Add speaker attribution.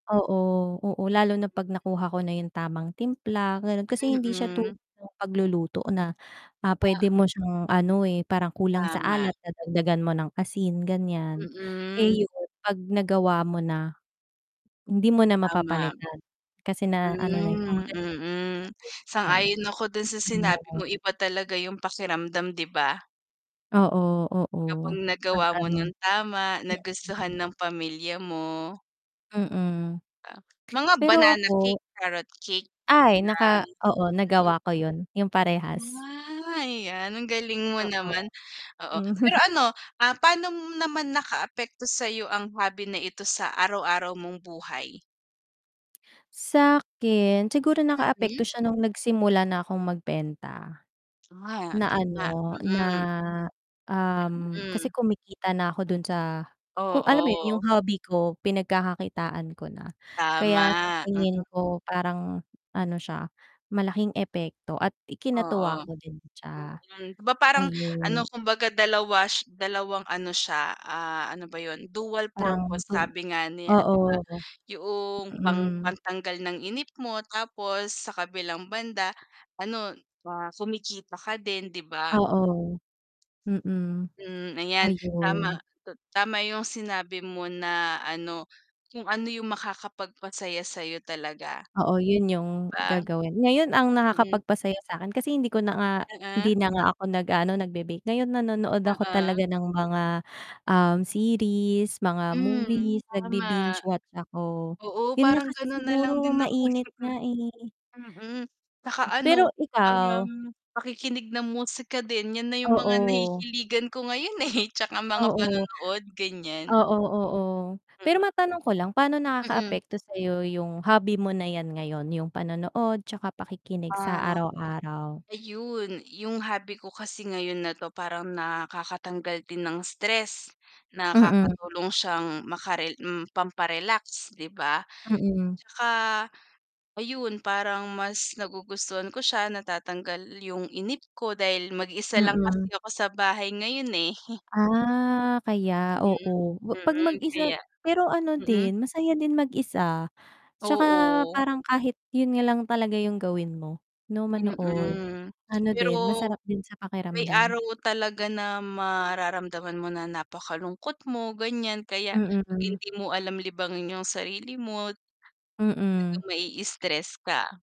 Speaker 1: Oo, oo, lalo na 'pag nakuha ko na yung tamang timpla, ganon kasi hindi siya tulad
Speaker 2: Mm.
Speaker 1: ng pagluluto na ah,
Speaker 2: Ah
Speaker 1: pwede mo siyang ano, eh, parang kulang sa
Speaker 2: Tama.
Speaker 1: alat, dagdagan mo ng asin ganiyan,
Speaker 2: Mm.
Speaker 1: eh, yun, pag nagawa mo na hindi mo na
Speaker 2: Tama.
Speaker 1: mapapalitan, kasi na ano na, eh,
Speaker 2: Hmm,
Speaker 1: kumbaga na [unintelligible]
Speaker 2: mm,
Speaker 1: mo na, eh.
Speaker 2: sang-ayon ako dun sa sinabi
Speaker 1: Ayon.
Speaker 2: mo, iba talaga yung pakiramdam 'di ba?
Speaker 1: Oo, oo,
Speaker 2: Kapag
Speaker 1: 'pag
Speaker 2: nagawa mo
Speaker 1: ano
Speaker 2: nang tama, nagustuhan
Speaker 1: [unintelligible]
Speaker 2: ng pamilya mo.
Speaker 1: Mm.
Speaker 2: Ah mga
Speaker 1: Pero
Speaker 2: banana
Speaker 1: ako
Speaker 2: cake, carrot cake,
Speaker 1: Ay!
Speaker 2: ah,
Speaker 1: naka oo
Speaker 2: mm.
Speaker 1: nagawa ko yun, yung parehas.
Speaker 2: Ah, yan ang galing mo
Speaker 1: Oo.
Speaker 2: naman oo.
Speaker 1: Hmm.
Speaker 2: Pero ano ah, Paano naman nakaapekto sa'yo ang hobby na ito sa araw-araw mong buhay?
Speaker 1: Sa'kin, siguro
Speaker 2: Mm.
Speaker 1: nakaapekto siya nung nagsimula na akong magbenta,
Speaker 2: Ah,
Speaker 1: na
Speaker 2: n tama,
Speaker 1: ano na
Speaker 2: mm. Yan,
Speaker 1: um, kasi
Speaker 2: hmm.
Speaker 1: kumikita na ako dun sa kung alam mo yun
Speaker 2: Oo.
Speaker 1: yung hobby ko, pinagkakakitaan ko na, kaya sa
Speaker 2: Tama, mm.
Speaker 1: tingin ko parang ano siya malaking epekto at ikinatuwa
Speaker 2: Oo.
Speaker 1: ko din siya,
Speaker 2: Mm, 'di ba parang ano
Speaker 1: ayun.
Speaker 2: kumbaga 2 sh 2 ano siya, ah, ano ba yun dual
Speaker 1: Parang
Speaker 2: purpose
Speaker 1: to
Speaker 2: sabi nga nila 'di ba,
Speaker 1: oo.
Speaker 2: yuong pang
Speaker 1: Mm.
Speaker 2: pantanggal ng inip mo, tapos sa kabilang banda ano ah, kumikita ka din 'di ba?
Speaker 1: Oo, mm,
Speaker 2: Hmm ayan tama,
Speaker 1: ayun.
Speaker 2: ta tama yung sinabi mo na ano kung ano yung makakapagpasaya sa'yo talaga.
Speaker 1: Oo yun yung
Speaker 2: 'Di ba?
Speaker 1: gagawin ngayon ang
Speaker 2: Mm.
Speaker 1: nakakapagpasaya sa'kin kasi hindi ko na nga hindi
Speaker 2: Oo.
Speaker 1: na nga ako nag-aano, nagbe-bake, ngayon nanonood ako
Speaker 2: Oo.
Speaker 1: talaga ng mga, um, series, mga
Speaker 2: Hmm,
Speaker 1: movies,
Speaker 2: tama.
Speaker 1: nagbi-binge watch ako,
Speaker 2: Oo
Speaker 1: yun nga
Speaker 2: parang
Speaker 1: kasi
Speaker 2: ganun na lang
Speaker 1: siguro
Speaker 2: din ako,
Speaker 1: mainit
Speaker 2: mm.
Speaker 1: nga, eh.
Speaker 2: Mm, 'tsaka ano
Speaker 1: Pero ikaw
Speaker 2: parang pakikinig ng musika din, yan na yung mga
Speaker 1: Oo.
Speaker 2: nahihiligan ko ngayon eh, 'tsaka mga
Speaker 1: Oo.
Speaker 2: panonood ganiyan.
Speaker 1: Oo, oo, pero
Speaker 2: Mm.
Speaker 1: matanong ko lang paano
Speaker 2: Mm.
Speaker 1: nakakaapekto sayo yung hobby mo na yan ngayon, yung panonood 'tsaka pakikinig sa
Speaker 2: Ah
Speaker 1: araw-araw?
Speaker 2: ayun yung hobby ko kasi ngayon na 'to parang nakakatanggal din ng stress,
Speaker 1: Mm.
Speaker 2: nakakatulong siyang makare pampa-relax 'di ba,
Speaker 1: Mm.
Speaker 2: 'tsaka, ayun parang mas nagugustuhan ko siya, natatanggal yung inip ko dahil mag-isa lang kasi
Speaker 1: Mm.
Speaker 2: ako sa bahay ngayon, eh. Mm. Mm. Kaya
Speaker 1: Ah, kaya
Speaker 2: Mhm,
Speaker 1: oo, wa pag
Speaker 2: mm,
Speaker 1: mag-isa
Speaker 2: kaya
Speaker 1: pero ano
Speaker 2: mm.
Speaker 1: din masaya din mag-isa, 'tsaka
Speaker 2: Oo.
Speaker 1: parang kahit yun nga lang talaga yung gawin mo, 'no manood,
Speaker 2: Mm,
Speaker 1: ano
Speaker 2: pero
Speaker 1: din masarap din sa
Speaker 2: may
Speaker 1: pakiramdam.
Speaker 2: araw talaga na mararamdaman mo na napakalungkot mo, ganiyan kaya 'pag
Speaker 1: Mm.
Speaker 2: hindi mo alam libangin yung sarili mo,
Speaker 1: Mm.
Speaker 2: talagang mai-stress ka.